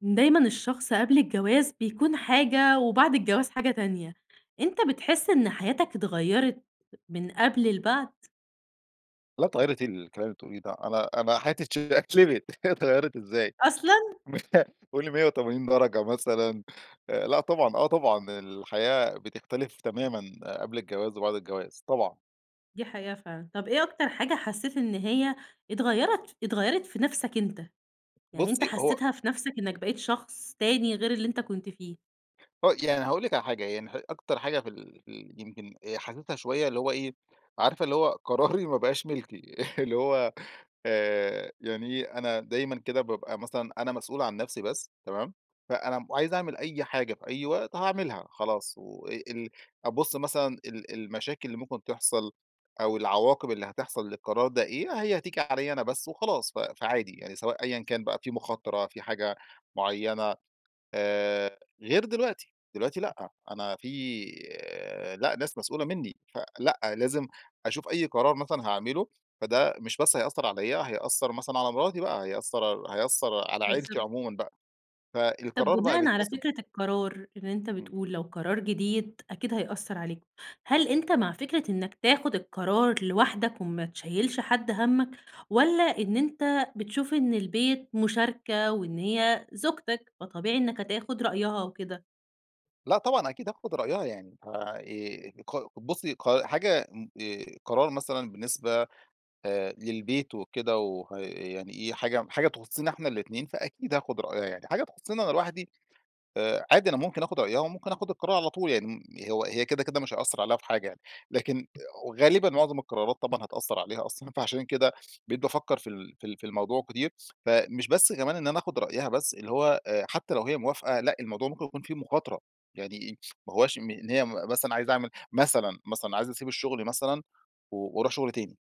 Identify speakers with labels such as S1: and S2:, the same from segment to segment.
S1: دايمًا الشخص قبل الجواز بيكون حاجة، وبعد الجواز حاجة تانية. أنت بتحس إن حياتك اتغيرت من قبل لبعد؟
S2: لا اتغيرت إيه الكلام اللي بتقوليه ده، أنا أنا حياتي اتشقلبت، اتغيرت إزاي
S1: أصلًا؟
S2: قولي 180 درجة مثلًا آآ لأ طبعًا، آه، طبعًا الحياة بتختلف تمامًا قبل الجواز وبعد الجواز طبعًا.
S1: دي حقيقة فعلًا. طب إيه أكتر حاجة حسيت إن هي اتغيرت اتغيرت في نفسك أنت؟ يعني أنت
S2: بُصّي هو
S1: حسيتها في نفسك إنك بقيت شخص تاني، غير اللي أنت كنت فيه.
S2: هو يعني هاقول لِك على حاجة يعني أكتر حاجة في ال في ال يمكن حاسسها شوية اللي هو إيه، عارفة اللي هو قراري ما بقاش ملكي اللي هو آآ، يعني إيه، أنا دايمًا كده بابقى مثلًا أنا مسؤول عن نفسي بس تمام؟ فأنا عايز أعمل أي حاجة في أي وقت هاعملها خلاص، وال أبص مثلًا ال ال المشاكل اللي ممكن تحصل، أو العواقب اللي هتحصل للقرار ده إيه، هي هتيجي عليَّ أنا بس وخلاص ف فعادي يعني، سواء أيًا كان بقى في مخاطرة، في حاجة معينة. آآ، غير دلوقتي، دلوقتي لأ، أنا في لأ ناس مسؤولة منّي فلأ، لازم أشوف أي قرار مثلًا هاعمله فده مش بس هيأثر عليَّ هيأثر مثلًا على مراتي بقى، هيأثر هيأثر على عيلتي
S1: بالضبط.
S2: عمومًا بقى.
S1: طب
S2: فالقرار بقى
S1: بناءً على
S2: بيتحسب.
S1: فكرة القرار- اللي أنت
S2: إمم.
S1: بتقول- لو قرار جديد أكيد هيأثر عليك. هل أنت مع فكرة إنك تاخد القرار لوحدك وما تشيّلش حد همك، والّا إن أنت بتشوف إن البيت مشاركة، وإن هي زوجتك فطبيعي إنك هتاخد رأيها وكده؟
S2: لأ، طبعًا أكيد هاخد رأيها يعني. ف آآ، ق بُصّي ق حاجة امم، آآ، قرار مثلًا بالنسبة آآ، للبيت وكده وه يعني إيه، حاجة حاجة تخصنا إحنا الاتنين، فأكيد هاخد رأيها يعني. حاجة تخصني أنا لوحدي، آآ عادي أنا ممكن أخد رأيها وممكن أخد القرار على طول، يعني هو هي كده، كده مش هيأثر عليها في حاجة يعني. لكن غالبًا معظم القرارات، طبعًا هتأثر عليها أصلًا فعشان كده بقيت بافكّر في ال في ال في الموضوع كتير. فمش بس كمان إن أنا أخد رأيها بس، اللي هو آآ حتّى لو هي موافقة لأ، الموضوع ممكن يكون فيه مخاطرة. يعني إيه؟ ما هواش إن هي مثلًا عايز أعمل مثلًا مثلًا عايز أسيب الشغل مثلًا و وأروح شغل تاني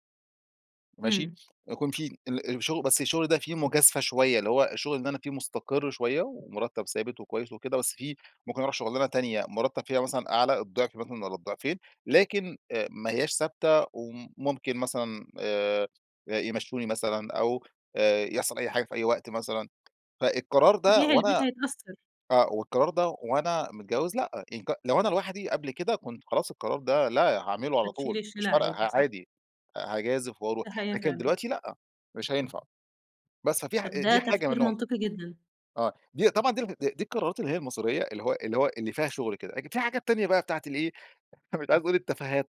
S2: ماشي؟
S1: امم.
S2: يكون في ال الشغل بس الشغل ده فيه مجازفة شويّة، اللي هو الشغل اللي أنا فيه مستقر شويّة ومرتب ثابت وكويّس وكده، بس فيه ممكن أروح شغلانة تانية، مرتب فيها مثلًا أعلى الضعف مثلًا والّا الضعفين، لكن، آآ ما هياش ثابتة وم ممكن مثلًا آآ يمشوني مثلًا أو آآ يحصل أي حاجة في أي وقت مثلًا. فالقرار ده،
S1: طبيعي، البيت
S2: وأنا
S1: هيتأثر.
S2: آآ والقرار ده وأنا متجوز لأ، ينك لو أنا لوحدي قبل كده، كنت خلاص القرار ده، لا هاعمله على
S1: بتشيل
S2: طول، مش
S1: الشيلة
S2: فارقة
S1: عادي،
S2: ه
S1: صح؟
S2: عادي هاجازف وأروح.
S1: تحية
S2: لكن
S1: فعلًا.
S2: دلوقتي لأ، مش هينفع. بس، ففي ح
S1: طب، ده
S2: دي حاجة
S1: تفكير
S2: منهم.
S1: منطقي جدًا.
S2: آه، دي طبعًا دي دي القرارات اللي هي المصيريّة، اللي هو اللي هو اللي فيها شغل كده. لكن في حاجات تانية بقى بتاعة الإيه مش عايز أقول التفاهات،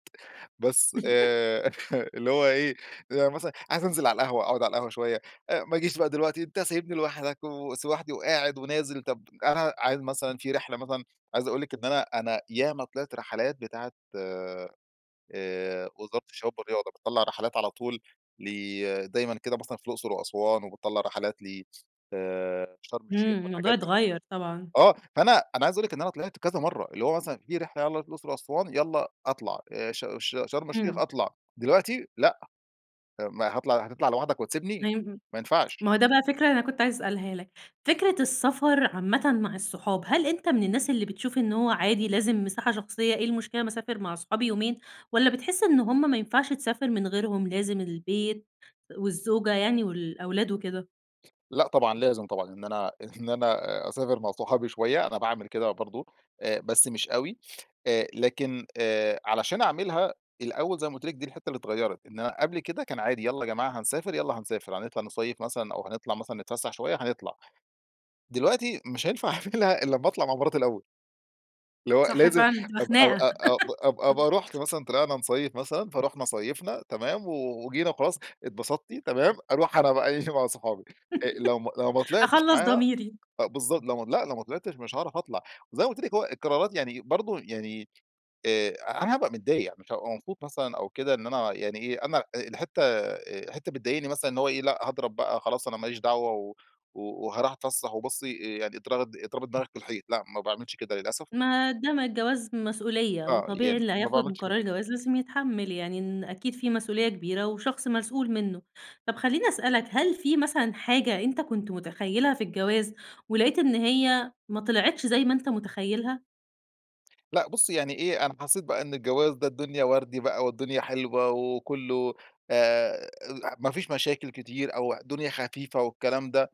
S2: بس آآ اللي هو إيه مثلًا عايز أنزل على القهوة أقعد على القهوة شويّة، ما أجيش بقى دلوقتي، أنتَ سايبني لوحدك وس ولوحدي وقاعد ونازل، طب أنا عايز مثلًا في رحلة مثلًا عايز أقول لِك إن أنا أنا ياما طلعت رحلات بتاعة، آآ وزارة الشباب والرياضة بتطلّع رحلات على طول ل دايمًا كده مثلًا في الأقصر وأسوان وبتطلّع رحلات ل آآ شرم الشيخ
S1: امم، الموضوع
S2: والحاجات دي.
S1: اتغير طبعًا.
S2: آه، فأنا أنا عايز أقول لِك إن أنا طلِعت كذا مرّة، اللي هو مثلًا في رحلة يالّا نروح الأقصر وأسوان يالّا أطلع آآ ش ش شرم الشيخ
S1: امم.
S2: أطلع. دلوقتي لأ، ما هاطلع هتطلع لوحدك وتسيبني؟!
S1: [unintelligible]
S2: ما ينفعش.
S1: ما هو ده بقى فكرة، أنا كنت عايزة أسألها لَك. فكرة السفر عامةً مع الصحاب، هل أنتَ من الناس اللي بتشوف إنّه هو عادي لازم مساحة شخصيّة، إيه المشكلة ما أسافر مع أصحابي يومين والّا بتحس إن هم ما ينفعش تسافر من غيرهم لازم البيت والزوجة يعني والأولاد وكده؟
S2: لأ طبعًا، لازم طبعًا. إن أنا إن أنا أ أسافر مع صحابي شوية، أنا باعمل كده برضه، آآ بس مش أوي. آآ، لكن، آآ علشان أعملها الأول زي ما قلت لِك، دي الحتة اللي اتغيرت، إن أنا قبل كده كان عادي يالّا يا جماعة هنسافر، يالّا هنسافر. هنطلع نصيف مثلًا أو هنطلع مثلًا نتفسح شوية، هنطلع. دلوقتي مش هينفع أعملها إلّا أما أطلع مع مراتي الأول. اللي هو
S1: صح
S2: لازم
S1: فعلًا، هتبقى
S2: أب أو
S1: خناقة.
S2: أ أبقى رُحت مثلًا طلعنا نصيف مثلًا، فرُحنا صيفنا، تمام، و وجينا وخلاص، اتبسطتِ؟ تمام، أروح أنا بقى إيه، مع صحابي. آآ، لو ما لو ما طلعتش
S1: أخلَّص
S2: معاها
S1: ضميري.
S2: بالضبط، لو ما لأ، لو ما طلعتش مش هاعرف أطلع. وزي ما قلت لِك هو القرارات يعني برضه، يعني، آآ أنا هابقى متضايق، مش هابقى مبسوط مثلًا أو كده إن أنا يعني إيه، أنا الحتة آآ، حتة بتضايقني مثلًا إن هو إيه، لأ هاضرب بقى خلاص أنا ما ليش دعوة و و وهاروح اتفسح وبصي آآ، يعني اضرغ اضربي دماغك في الحيط، لأ ما باعملش كده للأسف.
S1: ما ده ما الجواز مسؤولية،
S2: آه،
S1: وطبيعي
S2: يعني
S1: اللي
S2: ما
S1: هياخد
S2: باعملش كده.
S1: قرار الجواز لازم يتحمل يعني، إن أكيد في مسؤولية كبيرة وشخص مسؤول منه. طب خليني أسألَك، هل في مثلًا حاجة أنتَ كنت متخيلها في الجواز ولقيت إن هي ما طلعتش زي ما أنتَ متخيلها؟
S2: لا بُصي يعني إيه أنا حسيت بقى إن الجواز ده الدنيا وردي بقى، والدنيا حلوة وكله آآ، لح ما فيش مشاكل كتير أو الدنيا خفيفة والكلام ده.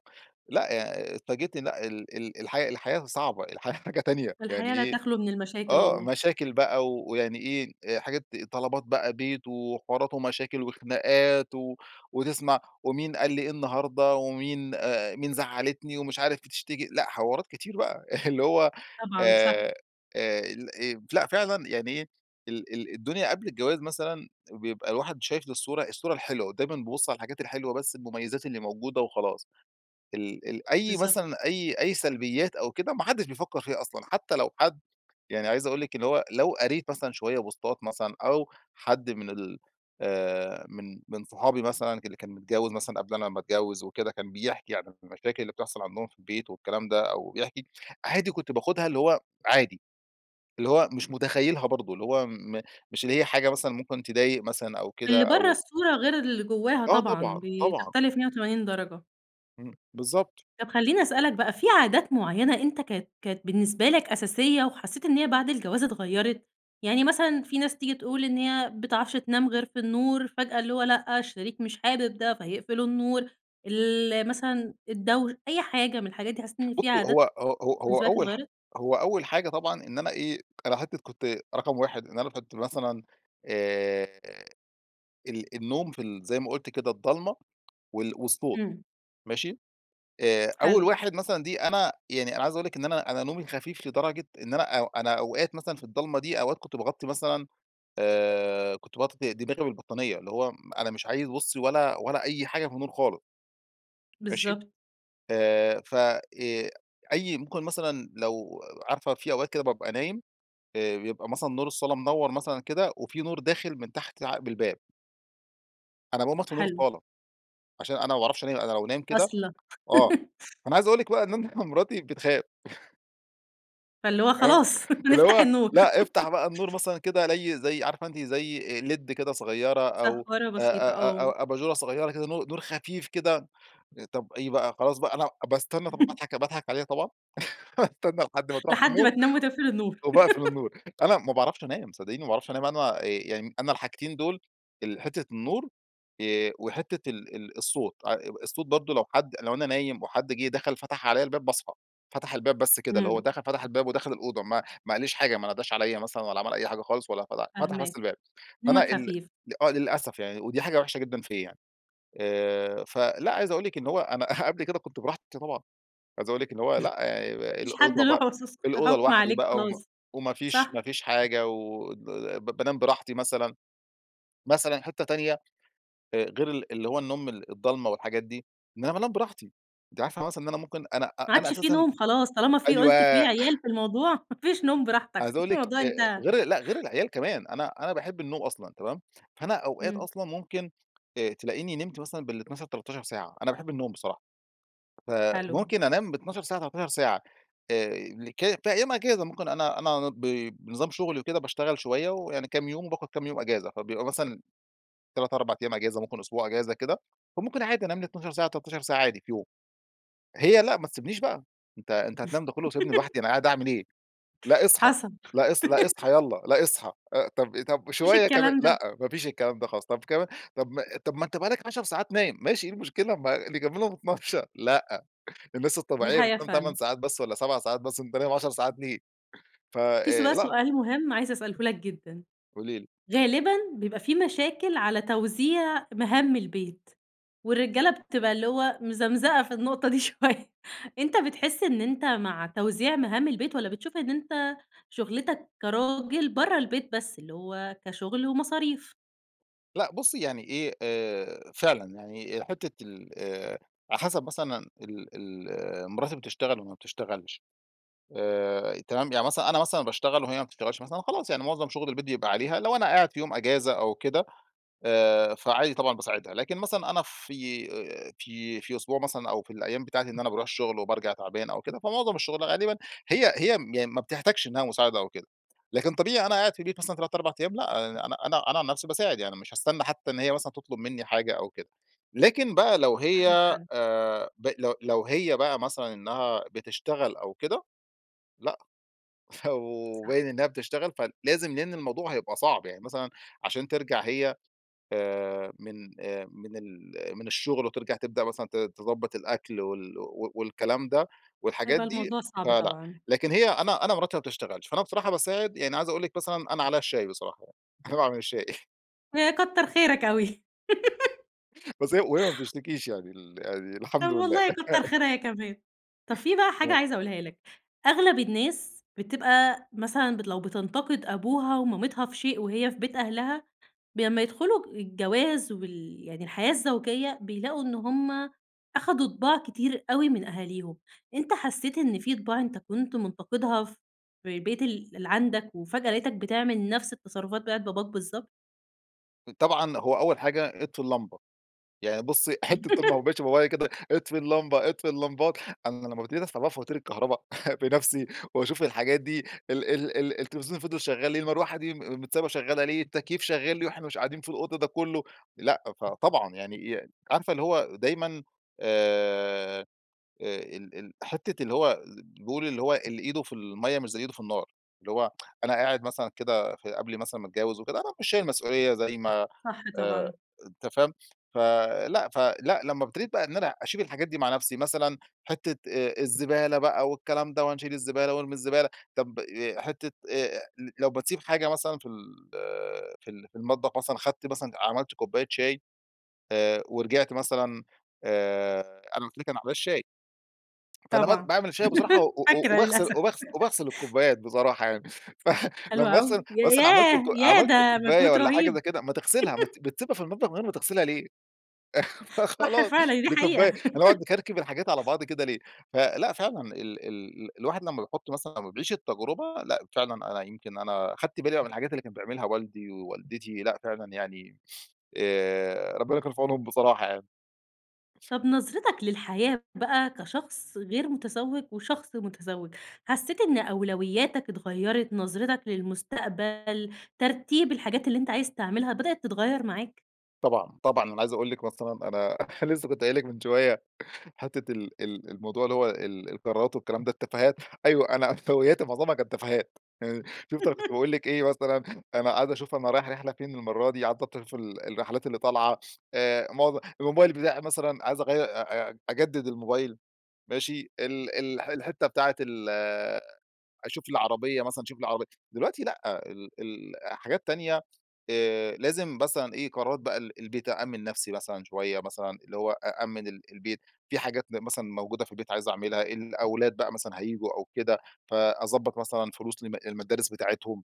S2: لأ، يعني اتفاجئت لأ، ال ال الحياة الحياة صعبة الحياة حاجة تانية يعني
S1: الحياة لا
S2: إيه؟
S1: تخلو من المشاكل
S2: آه،
S1: والله.
S2: مشاكل بقى ويعني إيه، حاجات، طلبات بقى بيت، وحوارات ومشاكل وخناقات، و وتسمع ومين قال لي إيه النهارده، ومين آآ، مين زعلتني ومش عارف بتشتكي، لأ، حوارات كتير بقى. اللي هو
S1: طبعًا صح.
S2: آآ، آآ الإيه لأ فعلًا يعني إيه، ال ال الدنيا قبل الجواز مثلًا بيبقى الواحد شايف الصورة الصورة الحلوة، دايمًا بابص على الحاجات الحلوة بس المميزات اللي موجودة وخلاص. ال ال أي
S1: بالضبط.
S2: مثلًا أي أي سلبيات أو كده ما حدش بيفكر فيها أصلًا، حتى لو حد يعني عايز أقول لك إن هو لو قريت مثلًا شوية بوستات مثلًا أو حد من ال آآ، من من صحابي مثلًا اللي كان متجوز مثلًا قبل أنا ما أتجوز وكده، كان بيحكي عن المشاكل اللي بتحصل عندهم في البيت والكلام ده، أو بيحكي، عادي كنت باخدها اللي هو عادي، اللي هو مش متخيلها برضه، اللي هو م مش اللي هي حاجة مثلًا ممكن تضايق مثلًا أو كده
S1: اللي برّه
S2: أو
S1: الصورة غير اللي جواها
S2: آه طبعًا،
S1: طبعًا،
S2: طبعًا.
S1: بتختلف 180 درجة.
S2: امم بالضبط.
S1: طب خليني أسألك بقى في عادات معينة أنت كانت كانت بالنسبة لك أساسية وحسيت إن هي بعد الجواز اتغيرت؟ يعني مثلًا في ناس تيجي تقول إن هي ما بتعرفش تنام غير فى النور فجأة اللي هو لأ، الشريك مش حابب ده فيقفل النور، ال مثلًا الدوش أي حاجة من الحاجات دي حسيت إن في
S2: بصي هو
S1: عادات
S2: هو هو هو
S1: بالنسبة لك
S2: أول حا
S1: اتغيرت؟
S2: هو أول حاجة طبعًا إن أنا إيه، أنا حتى كنت رقم 1 إن أنا كنت مثلًا آآ ال النوم في ال زي ما قُلت كده الضلّمة وال والصوت
S1: امم.
S2: ماشي؟ آآ، أول
S1: حلو.
S2: واحد مثلًا دي أنا يعني أنا عايز أقول لِك إن أنا، أنا نومي خفيف لدرجة إن أنا أنا أوقات مثلًا في الضلمة دي أوقات كنت باغطي مثلًا آآ كنت باغطي د دماغى بالبطانية اللي هو أنا مش عايز بصي ولا ولا أي حاجة في النور خالص. ماشي؟
S1: بالضبط.
S2: آآ ف آآ، أي ممكن مثلًا لو عارفة في أوقات كده بابقى نايم، آآ، بيبقى مثلًا نور الصالة منور مثلًا كده وفي نور داخل من تحت عقب الباب. أنا باقوم أطفى نور
S1: حلو.
S2: الصالة، عشان أنا ما باعرفش أنام أنا لو نايم كده
S1: أصلًا
S2: آه، أنا عايز أقول لِك بقى إن أنا مراتى بتخاف
S1: فاللي هو
S2: آه،
S1: خلاص
S2: اللي
S1: نفتح
S2: هو
S1: النور.
S2: لا افتح بقى النور مثلًا كده زى زي عارفة أنت زي لِيد كده صغيرة أو
S1: سهارة
S2: أ
S1: بسيطة،
S2: أ
S1: آه.
S2: أ أبچورة صغيرة كده نور نور خفيف كده، طب إيه بقى خلاص بقى أنا باستنى طب باضحك باضحك عليها طبعًا، باستنى لحد ما تروح في
S1: لحد ما
S2: النوم
S1: تنام وتقفل النور.
S2: وباقفل النور. أنا ما باعرفش أنام صدقيني ما باعرفش أنام، أنا يعني أنا الحاجتين دول، الحتة النور، آآ وحتة ال الصوت، [unintelligible] الصوت برضه لو حد لو أنا نايم وحد جيه دخل فتح عليَّ الباب باصحى، فتح الباب بس كده اللي هو
S1: إمم.
S2: دخل فتح الباب ودخل الأوضة ما ما قاليش حاجة ما ناداش عليّا مثلًا، ولا عمل أي حاجة خالص ولا فتح فتح بس
S1: فاهماك.
S2: الباب، فأنا
S1: نومك
S2: ال
S1: خفيف.
S2: آه للأسف يعني ودي حاجة وحشة جدًا فيَّ آآ، فلأ عايز أقول لِك إن هو أنا قبل كده كنت براحتي طبعًا. عايز أقول لِك إن هو
S1: ما
S2: لأ، [unintelligible]
S1: فيش حد
S2: الأوضة
S1: له
S2: بقى
S1: [unintelligible] فى
S2: الأوضة
S1: حكم
S2: لوحدي
S1: عليك
S2: بقى وما
S1: خلاص.
S2: وما فيش
S1: صح.
S2: ما فيش حاجة و [unintelligible] ب بانام براحتي مثلًا. مثلًا حتة تانية غير ال اللي هو النوم ال الضلمة والحاجات دي، إن أنا بانام براحتي أنتِ عارفة مثلًا إن أنا ممكن أنا
S1: ما
S2: أنا
S1: عادش في
S2: أساسًا
S1: نوم خلاص طالما في
S2: أيوه
S1: قُلت في عيال في الموضوع ما فيش نوم براحتك
S2: عايز أقول لِك
S1: الموضوع
S2: آآ
S1: انتهى.
S2: غير لأ، غير العيال كمان أنا أنا باحب النوم أصلًا تمام، فأنا أوقات
S1: امم.
S2: أصلًا ممكن ت تلاقيني نمت مثلًا بال12، 13 ساعة، أنا باحب النوم بصراحة.
S1: حلو.
S2: فممكن أنام ب12 ساعة، 13 ساعة، آآ ك في أيام إجازة ممكن أنا أنا ب بنظام شغلي وكده باشتغل شوية ويعني كام يوم وباخد كام يوم أجازة، فبيبقى مثلًا 3، 4 أيام أجازة ممكن أسبوع أجازة كده، فممكن عادي أنام لى 12 ساعة، 13 ساعة، عادي في يوم. هي لا ما تسيبنيش بقى أنت أنت هتنام ده كله وسايبنى لوحدي أنا قاعدة أعمل إيه؟ لأ أصحى،
S1: حسب.
S2: لأ أص لأ أصحى يلّا لأ أصحى. آآ طب طب
S1: ما فيش
S2: شوية كمان
S1: الكلام
S2: لأ،
S1: ده.
S2: ما فيش الكلام ده خلاص، طب كمان طب طب ما أنت بقى لك عشر ساعات نايم، ماشي إيه المشكلة؟ ما نكملهم 12، لأ الناس
S1: دي
S2: الطبيعية
S1: حقيقة
S2: بتنام 8
S1: فعلًا.
S2: ساعات بس والّا 7 ساعات بس، أنت نايم 10 ساعات ليه فَ
S1: في
S2: آآ،
S1: سؤ
S2: لأ.
S1: سؤال مهم عايز أسأله لك جدًا.
S2: قولي لي.
S1: غالبًا بيبقى في مشاكل على توزيع مهام البيت، والرجالة بتبقى اللي هو مزمزقة في النقطة دي شوية. أنت بتحس إن أنت مع توزيع مهام البيت، والّا بتشوف إن أنت شغلتك كراجل برّه البيت بس، اللي هو كشغل ومصاريف؟
S2: لا بُصّي يعني إيه، آآ فعلًا، يعني حتّة ال على حسب مثلًا ال ال مراتي بتشتغل والّا ما بتشتغلش؟ آآ، تمام، يعني مثلًا أنا مثلًا باشتغل وهي ما بتشتغلش مثلًا، خلاص، يعني معظم شغل البيت بيبقى عليها. لو أنا قاعد في يوم أجازة أو كده، آآ فعادي طبعًا باساعدها. لكن مثلًا، أنا في في في أسبوع مثلًا أو في الأيّام بتاعتي إن أنا باروح الشغل وبارجع تعبان أو كده، فمعظم الشغل غالبًا هي هي م ما بتحتاجش إنّها مساعدة أو كده. لكن طبيعي أنا قاعد في البيت مثلًا 3 4 أيّام، لأ، أنا أنا أنا عن نفسي باساعد يعني مش هاستنى حتّى إن هي مثلًا تطلب مِنّي حاجة أو كده. لكن بقى لو هي،
S1: [unintelligible] فعلًا.
S2: آآ ب لو لو هي بقى مثلًا إنّها بتشتغل أو كده لأ، فو
S1: صح.
S2: باين إنّها بتشتغل فلازم، لأن الموضوع هيبقى صعب. يعني مثلًا، عشان ترجع هي آآ من آآ من ال من الشغل وترجع تبدأ مثلًا ت تضبط الأكل وال و والكلام ده والحاجات
S1: هيبقى
S2: دي،
S1: الموضوع صعب،
S2: فلأ.
S1: طبعًا.
S2: لكن هي أنا أنا مراتي ما بتشتغلش، فأنا بصراحة باساعد، يعني عايز أقول لِك مثلًا أنا عليا الشاي بصراحة يعني. أنا باعمل الشاي.
S1: ها كتّر خيرك أوي.
S2: بس هي وهي ما بتشتكيش يعني، ال يعني
S1: طب-
S2: الحمد لله.
S1: والله- كتر خيرها هي كمان. طب في بقى حاجة
S2: آه.
S1: عايزة أقولها لك. أغلب الناس، بتبقى مثلًا ب لو بتنتقد أبوها ومامتها في شيء وهي في بيت أهلها، ب لمّا يدخلوا الجواز وال يعني الحياة الزوجية، بيلاقوا إن هم أخدوا طباع كتير أوي من أهاليهم. أنتَ حسّيت إن في طباع أنتَ كنت منتقدها ف في البيت ال اللي عندك، وفجأة لَقيتك بتعمل نفس التصرفات بتاعة باباك بالضبط؟
S2: طبعًا، هو أوّل حاجة، أطفي اللمبة. يعني بُصّي حتّة طول ما هو ماشي بابايا كده، أطفي اللمبة، أطفي اللمبات. أنا لمّا ابتديت أدفع بقى فواتير الكهربا بنفسي وأشوف الحاجات دي ال ال ال التلفزيون اللي فضل شغّال ليه؟ المروحة دي مت متسابة شغّالة ليه؟ التكييف شغّال ليه وإحنا مش قاعدين في الأوضة ده كلّه؟ لأ، فطبعًا يعني عارفة اللي هو، دايمًا، آآ، آآ ال ال حتّة اللي هو بيقولوا اللي هو: "اللي إيده في المَيَّة، مش زي اللي إيده في النار." اللي هو أنا قاعد مثلًا كده في قبل مثلًا ما أتجوّز وكده، أنا مش شايل مسؤوليّة زي ما
S1: صح
S2: آآ
S1: طبعًا.
S2: أنت فاهم؟ فلأ فلأ، لمّا ابتديت بقى إن أنا أشيل الحاجات دي مع نفسي، مثلًا حتّة آآ الزبالة بقى والكلام ده وهنشيل الزبالة وارمي الزبالة، طب حتّة آآ لو بتسيب حاجة مثلًا في ال في ال في المطبخ مثلًا، أخدت مثلًا عملت كباية شاي، آآ ورجعت مثلًا، آآ، أنا قلت لِك على موضوع الشاي فأنا م
S1: طبعًا.
S2: باعمل شاي بصراحة و و
S1: فاكرة،
S2: وباغسل
S1: للأسف.
S2: وباغسل وباغسل الكوبايات بصراحة يعني. ف
S1: حلو
S2: لمّا أغسل
S1: أوي. يا
S2: مثلًا عملت
S1: ياه، ياه!
S2: عملت
S1: ده
S2: كوباية
S1: مجهود
S2: والّا حاجة
S1: رهيب.
S2: زي كده ما تغسلها! ما بت بتسيبها في المطبخ، من غير ما تغسلها ليه؟
S1: صح
S2: فخلاص،
S1: فعلًا دي
S2: دي كوباية
S1: حقيقة.
S2: هنقعد نكركب الحاجات على بعض كده ليه؟ فلأ، فعلًا ال ال ال الواحد لمّا بيحط مثلًا لمّا بيعيش التجربة لأ، فعلًا أنا يمكن أنا أخدت بالي من الحاجات بقى اللي كان بيعملها والدي ووالدتي لأ، فعلًا يعني آآ ربنا كان في عونهم، بصراحة يعني.
S1: طب نظرتَك للحياة بقى، كشخص غير متزوج وشخص متزوج، حسّيت إن أولوياتك اتغيرت، نظرتك للمستقبل، ترتيب الحاجات اللي أنتَ عايز تعملها، بدأت تتغيّر معاك؟
S2: طبعًا، طبعًا. أنا عايز أقول لِك مثلًا أنا لسه كنت قايل لِك من شويّة، حتّة ال ال الموضوع اللي هو ال القرارات والكلام ده التفاهات، أيوه أنا عفوياتي معظمها كانت تفاهات. يعني شُفتِ أنا كنت باقول لِك إيه مثلًا، أنا قاعد أشوف أنا رايح رحلة فين المرّة دي، قاعد بـ [unintelligible] فال الرحلات اللي طالعة، آآ معظ الموبايل بتاعي مثلًا عايز أغير أ أ أجدد الموبايل ماشي؟ ال ال الح الحتّة بتاعة ال أشوف لي عربيّة مثلًا أشوف لي عربيّة. دلوقتي لأ، ال ال حاجات تانية، آآ لازم مثلًا إيه، قرارات بقى ال البيت. أأمن نفسي مثلًا شويّة مثلًا، اللي هو أأمن ال البيت، في حاجات مثلًا موجودة في البيت عايز أعملها، الأولاد بقى مثلًا هييجوا أو كده، فأضبط مثلًا فلوس لمد المدارس بتاعتهم.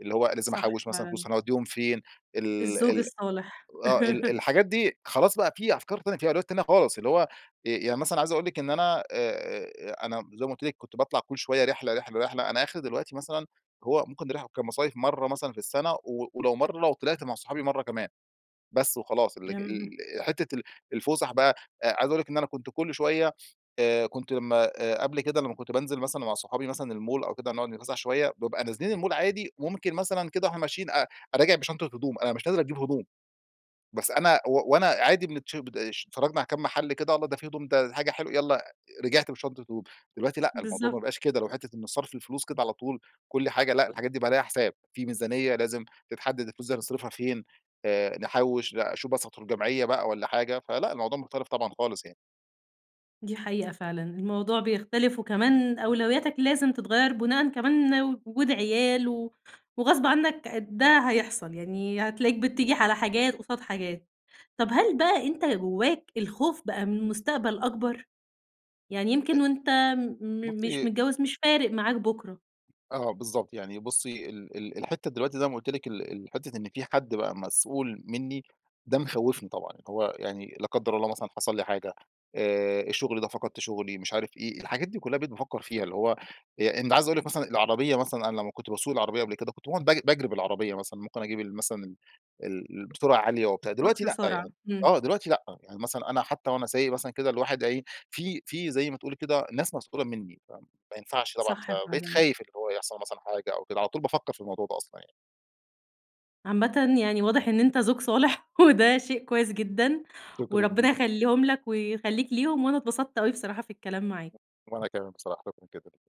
S2: اللي هو لازم
S1: صح،
S2: أحوِّش مثلًا
S1: فعلًا.
S2: فلوس، هنوديهم فين؟ ال
S1: الزوج
S2: ال
S1: الصالح.
S2: آه ال الحاجات دي خلاص بقى، في أفكار تانية، في أولويات تانية، خالص. اللي هو آآ، يعني مثلًا عايز أقول لِك، إن أنا آآ، آآ أنا- زي ما قلت لِك- كنت باطلع كل شويّة رحلة، رحلة، رحلة، أنا آخري دلوقتي مثلًا هو ممكن نروح كمصايف مرّة مثلًا في السنة و ولو مرّة لو طلعت مع صحابي مرّة كمان. بس وخلاص، ال
S1: كم
S2: ال حتّة ال الفسح بقى آآ، عايز أقول لِك إن أنا كنت كل شويّة، آآ كنت لمّا قبل كده، لمّا كنت بانزل مثلًا مع صحابي مثلًا المول أو كده نقعد نتفسح شويّة، بابقى نازلين المول عادي وممكن مثلًا كده وإحنا ماشيين أ أ راجع بشنطة هدوم، أنا مش نازل أجيب هدوم! بس أنا و وأنا عادي [unintelligible] اشت اتفرجنا على كام محل كده، الله! ده في هدوم، ده حاجة حلوة، يالّا، رجعت بشنطة هدوم. دلوقتي لأ، الموضوع ما
S1: بالضبط.
S2: بقاش كدهk اللي هو حتّة إن صرف الفلوس كده على طول كل حاجة لأ الحاجات دي بقى عليها حساب، في ميزانيّة لازم تتحدد الفلوس دي هنصرفها فين، آآ نحوِّش، لأ أشوف مثلًا أدخل جمعية بقى والّا حاجة. فلأ، الموضوع مختلف طبعًا، خالص يعني.
S1: دي حقيقة فعلًا الموضوع بيختلف وكمان أولوياتك لازم تتغير بُناءً كمان وجود عيال، و وغصب عنك ع ده هيحصل يعني هتلاقيك بتيجي على حاجات قُصاد حاجات. طب هل بقى أنتَ جواك الخوف بقى من المستقبل أكبر؟ يعني
S2: ت
S1: يمكن وأنت آمم، م مش
S2: بصي
S1: متجوز مش فارق معاك بُكرة؟
S2: آه بالضبط يعني بصي ال ال الحتة دلوقتي زي ما قُلت لِك ال الحتة إن في حد بقى مسؤول مني ده مخوفني طبعًا، هو يعني- لا قدر الله- مثلًا حصل لي حاجة، آآ، الشغل ده فقدت شغلي، مش عارف إيه، الحاجات دي كلها بقيت بافكر فيها. اللي هو، إن عايز أقول لِك مثلًا العربية مثلًا أنا لما كنت باسوق العربية قبل كده كنت باقعد بج باجري العربية مثلًا، ممكن أجيب ال مثلًا ال السرعة عالية وبتاع دلوقتي
S1: أقصى
S2: لأ،
S1: سرعة،
S2: يعني
S1: إمم.
S2: آه، دلوقتي لأ، يعني مثلًا أنا حتى وأنا سايق مثلًا كده الواحد إيه، في في زي ما تقولي كده ناس مسؤولة مني فما ينفعش طبعًا،
S1: صح
S2: فبقيت
S1: فعلًا.
S2: خايف اللي هو يحصل مثلًا حاجة أو كده على طول بافكر في الموضوع ده أصلًا يعني.
S1: عامةً يعني واضح إن أنتَ زوج صالح وده شيء كويس جدًا،
S2: شكرًا
S1: وربنا
S2: ليكِ.
S1: يخليهم لَك ويخليك ليهم، وأنا أتبسطت أوي بصراحة في الكلام معاك.
S2: وأنا كمان بصراحة شكرًا جدًا.